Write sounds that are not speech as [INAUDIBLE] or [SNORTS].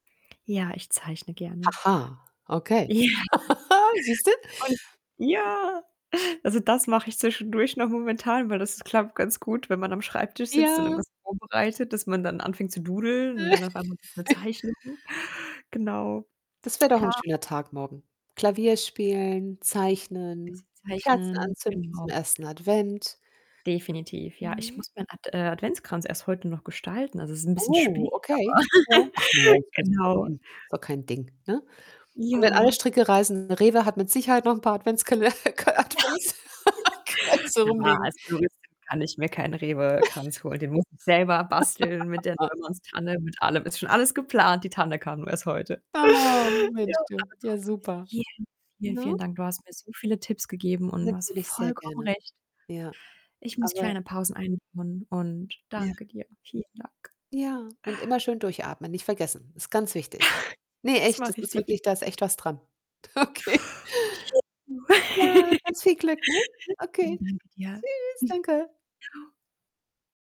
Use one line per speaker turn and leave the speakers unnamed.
Ja, ich zeichne gerne.
Aha, okay.
Ja.
[GIGGLES] Siehst du?
Und ja, also, das mache ich zwischendurch noch momentan, weil das klappt ganz gut, wenn man am Schreibtisch sitzt und
Ja.
irgendwas vorbereitet, dass man dann anfängt zu doodeln und dann auf einmal [UNINTELLIGIBLE] 'ne
[CHUCKLES]
Zeichnung. Genau.
Das wäre doch 'n
Ha
schöner Tag morgen. Klavier spielen,
Bisschen
zeichnen, Kerzen
Zeichnen,
anzünden zum
genau.
1. Advent.
Definitiv, ja. Ich
Mhm.
muss meinen Ad äh, Adventskranz erst heute noch gestalten. Also, es ist 'n bisschen
Oh,
spät, aber
okay, ja. Ach
[GIGGLES]
morgens, kriegst du doch
genau.
hin. Ist doch kein Ding, ne, und wenn alle
Ja.
Stricke reißen, Rewe hat mit Sicherheit noch 'n paar Adventskale k
[GIGGLES]
Adventskränze
Ja,
rumliegen.
als Floristin kann ich mir keinen
[CHUCKLES]
Rewe-Kranz holen. Den muss ich selber basteln mit der
[LAUGHS]
Neumanns-Tanne, mit allem. Ist schon alles geplant. Die Tanne kam nur erst heute.
Oh, wünsche
Ja,
ich dir
aber
ja,
trotzdem
super,
vielen, vielen,
ne?
vielen Dank. Du hast mir so viele Tipps gegeben und du hast
Natürlich sehr
vollkommen
gerne.
recht.
Ja,
Ich muss
aber
kleine Pausen einbauen und
Ja.
danke dir. Vielen Dank.
Ja, und immer schön durchatmen, nicht vergessen. Ist ganz wichtig.
[SNORTS]
Ne,
Das
echt, das
mache ich
ist wirklich
definitiv.
da ist echt was dran. Okay.
[UNINTELLIGIBLE]
Ja,
[GIGGLES]
ganz viel Glück, ne? Okay.
Danke, dir,
Tschüss,
[SNORTS]
danke.
ciao.